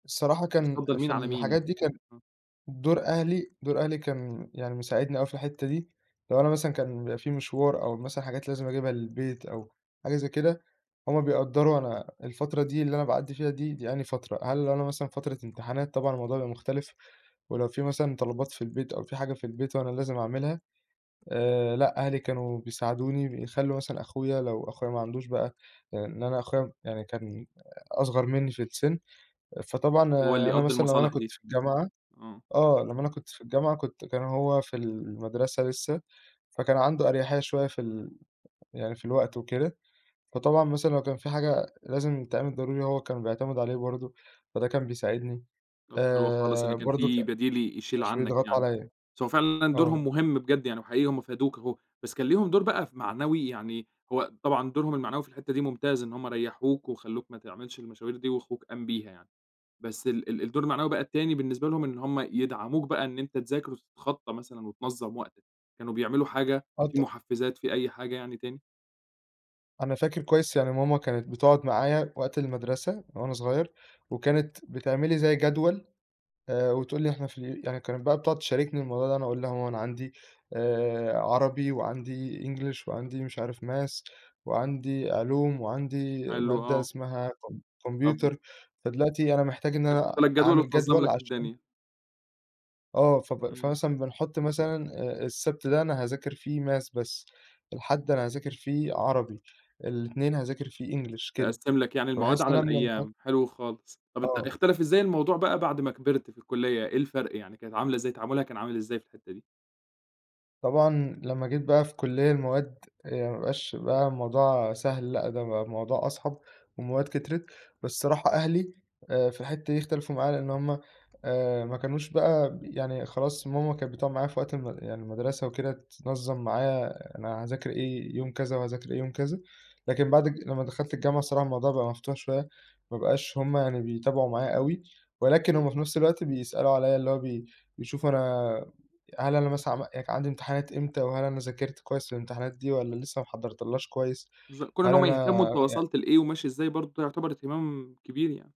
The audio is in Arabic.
الصراحة كنت كان، بتفضَّل مين في على مين الحاجات يعني؟ دي كان [unintelligible] دور أهلي دور أهلي كان يعني مساعدني أوي في الحتّة دي، لو أنا مثلًا كان بيبقى في مشوار أو مثلًا حاجات لازم اجيبها للبيت أو حاجة زي كده، هُم بيقدّروا أنا الفترة دي اللي أنا باعدّي فيها دي، دي أنهي فترة، هل أنا مثلًا فترة امتحانات طبعًا الموضوع بيبقى مختلف، ولو في مثلًا طلبات في البيت أو في حاجة في البيت وأنا لازم اعملها، آآ لأ أهلي كانوا بيساعدوني بيخلّوا مثلًا أخويا لو أخويا ما عندوش بقى، لإن أنا أخويا م يعني كان أصغر منّي في السِن، فطبعًا هو اللي أنا يقضّي مثلًا لو أنا المصالح كنت دي. في الجامعة، آه. آه، لمّا أنا كنت في الجامعة كنت كان هو في المدرسة لسّه، فكان عنده أريحية شوية في ال يعني في الوقت وكده، فطبعًا مثلًا لو كان في حاجة لازم تتعمل ضروري هو كانوا بيعتمدوا عليه برضه، فده كان بيساعدني، طَب حلو خالص إن آآ كان برضه ك في بديل ي يشيل مش عنّك بيضغطوا يعني، عليَّ. بس هو فعلًا دورهم آه. مهم بجد يعني وحقيقي هُم فادوك أهو، بس كان ليهم دور بقى ف معنوي يعني، هو طبعًا دورهم المعنوي في الحتّة دي ممتاز إن هُم ريّحوك، وخلّوك ما تعملش المشاوير دي وأخوك قام بيها يعني، بس ال ال الدور المعنوي بقى التاني بالنسبة لهم إن هُم يدعموك بقى إن أنت تذاكر وتتخطّى مثلًا وتنظّم وقتك، كانوا بيعملوا حاجة، آه في ط محفّزات في أي حاجة يعني تاني؟ أنا فاكر كويس يعني ماما كانت بتقعُد معايا وقت المدرسة وأنا صغيّر، وكانت بتعمل لي زي جدوَل، آآ وتقول لي إحنا في ال يعني كانت بقى بتقعُد تشاركني الموضوع ده، أنا اقول لها: "يا ماما أنا عندي آآ عربي، وعندي English وعندي مش عارف math، وعندي علوم، وعندي حلو مادة آه. اسمها كم [unintelligible] كمبيوتر، فدلوقتي أنا محتاج إن كانت تحط أنا لك جدول أعمل وتنظّم جدوَل لك عشان" الدنيا. آه فب إمم. فمثلًا بنحط مثلًا آآ آآ السَبت ده أنا هاذاكر فيه math بس، الحد أنا هاذاكر فيه عربي، الاتنين هاذاكر فيه English كده، تقسّم لك يعني المواد فباحس على إن أنا من [unintelligible] الأيام، حلو خالص، طَب أت آه. اختلف إزاي الموضوع بقى بعد ما كبِرت في الكلّية، إيه الفرْق يعني؟ كانت عاملة إزاي؟ تعامُلها كان عامل إزاي في الحتّة دي؟ طبعًا لمّا جيت بقى في كلّية المواد، يعني ما بقاش بقى الموضوع سهل لأ ده بقى الموضوع أصعب، والمواد كترِت، بس الصراحة أهلي آآ في الحتّة دي اختلفوا معايا لإن هُم آآ ما كانوش بقى ب يعني خلاص ماما كان بتقعُد معايا في وقت الم يعني المدرسة وكده، تنظّم معايا أنا هاذاكر إيه يوم كذا، وهاذاكر إيه يوم كذا، لكن بعد الج لمّا دخلت الجامعة الصراحة الموضوع بقى مفتوح شوية، ما بقاش هُم يعني بيتابعوا معايا أوي، ولكن هُم في نفْس الوقت بيسألوا عليَّ اللي هو بي بيشوفوا أنا هل أنا مثلًا عم يعني كان عندي امتحانات إمتى؟ وهل أنا ذاكرت كويس للامتحانات دي والّا لسّه ما حضّرتلهاش كويس؟ بالض كون إن هل هُم أنا يهتمّوا أنت يع وصلت لإيه وماشي إزاي، برضه ده يعتبر اهتمام كبير يعني.